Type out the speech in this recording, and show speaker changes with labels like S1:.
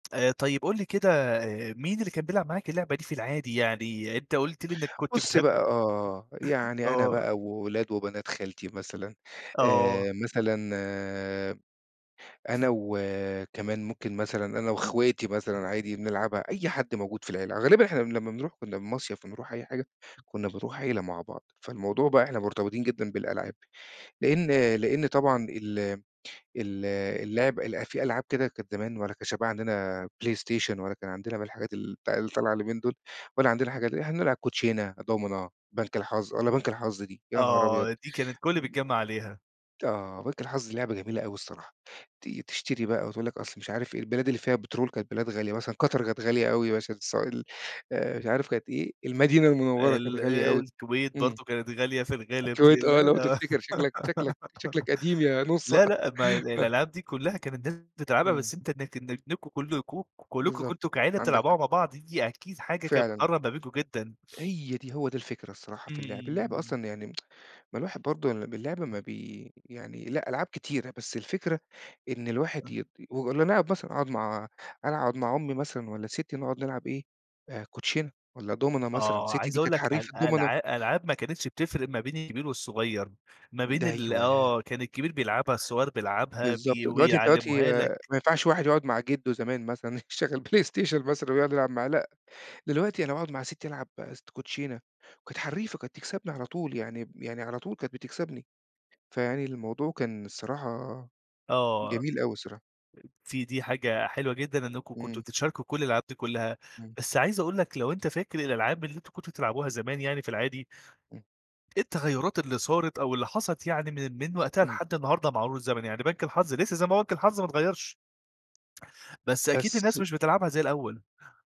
S1: آآ طيب قُل لي كده مين اللي كان بيلعب معاك اللعبة دي في العادي؟ يعني أنت قُلت لي إنك كنت
S2: بُص
S1: بتحب
S2: بقى، آه،
S1: [unintelligible]
S2: يعني أنا
S1: آه.
S2: بقى وولاد وبنات خالتي مثلًا
S1: آه.
S2: آآ، مثلًا أنا وكمان ممكن مثلًا، أنا وأخواتي مثلًا عادي بنلعبها، أي حد موجود في العيلة. غالبًا إحنا لمّا بنرُوح كنّا المصيف بنرُوح أي حاجة، كنّا بنرُوح عيلة مع بعض، فالموضوع بقى إحنا مرتبطين جدًا بالألعاب، لإن لإن طبعًا ال ال اللعب ال في ألعاب كده كانت زمان ولا كانش بقى عندنا PlayStation ولا كان عندنا من الحاجات ال بتاع اللي طالعة اليومين دول ولا عندنا حاجة ل إحنا نلعب كوتشينة، دومنة، بنك الحظ والّا بنك الحظ دي، يا نهار أبيض!
S1: آه، دي كانت الكلّ
S2: م
S1: بيتجمّع عليها.
S2: آه، بنك الحظ لعبة جميلة أوي الصراحة، ت تشتري بقى وتقول لك أصْل مش عارف إيه البلاد اللي فيها بترول كانت بلاد غالية، مثلًا قطر كانت غالية أوي عشان السوائل آآ، مش عارف كانت إيه؟ المدينة المنوّرة كانت
S1: ال
S2: غالية أوي،
S1: الكويت
S2: إمم.
S1: برضه كانت غالية في الغالب ك
S2: الكويت،
S1: لا،
S2: آه لو
S1: لا
S2: تفتِكر، شكلك شكلك شكلك قديم يا نُصّة
S1: لا، لأ، ما الألعاب دي كلّها كانت الناس بتلعبها،
S2: إمم.
S1: بس أنت إنك إنك نكو كلّكم كلّكم
S2: بالضبط.
S1: كنتم كعيلة
S2: عَندك حق.
S1: تلعبوها مع بعض، دي أكيد حاجة كانت
S2: فعلًا.
S1: بتقرّب ما بينكم جدًا.
S2: هي دي، هو ده الفكرة الصراحة في اللعب. اللعب
S1: إمم.
S2: أصلًا يعني ما الواحد برضه ل باللعب
S1: [unintelligible]
S2: ما بي يعني لأ، ألعاب كتيرة بس الفكرة إن الواحد
S1: [unintelligible]
S2: يت و إن أنا قاعد باسهَر، هاقعُد مع أنا أقعُد مع أمي مثلًا والّا ستّي نقعد نلعب إيه، كوتشينة والّا دومنة مثلًا،
S1: آه،
S2: ستّي
S1: عايز
S2: دي
S1: أقُول
S2: كانت
S1: لك
S2: حرّيفة
S1: أل
S2: دومنة.
S1: ألع ألعاب ما كانتش بتفرِق ما بين الكبير والصغيّر، ما بين
S2: ده
S1: ال
S2: أيوه.
S1: آه، كان الكبير بيلعبها، الصغير بيلعبها، بي
S2: بالضبط. دلوقتي أنت دلوقتي
S1: ويعلّموها
S2: آآ
S1: لك
S2: ما ينفَعش واحد يقعُد مع جدُّه زمان مثلًا يشغّل PlayStation مثلًا ويقعُد يلعب معاه، لأ، دلوقتي أنا باقعُد مع ستّي ألعب است كوتشينة وكانت حرّيفة، كانت تكسَبني على طول، يعني ب يعني على طول كانت بتكسَبني، فيعني الموضوع كان الصراحة
S1: آه.
S2: جميل أوي الصراحة.
S1: في دي حاجة حلوة جدًا، إنكم كنتم
S2: إمم.
S1: بتشاركوا كلّ الألعاب دي كلّها.
S2: إمم.
S1: بس عايز أقُول لك لو أنت فاكر الألعاب اللي أنتم كنتم بتلعبوها زمان يعني في العادي
S2: امم.
S1: إيه التغيّرات اللي صارِت أو اللي حصَلِت يعني من من وقتها
S2: إمم.
S1: لحد النهارده مع مرور الزمن، يعني بنك الحظ لسة زي ما هو بنك الحظ ما اتغيّرش؟ بس أكيد الناس
S2: بس
S1: مش بتلعبها زي الأول.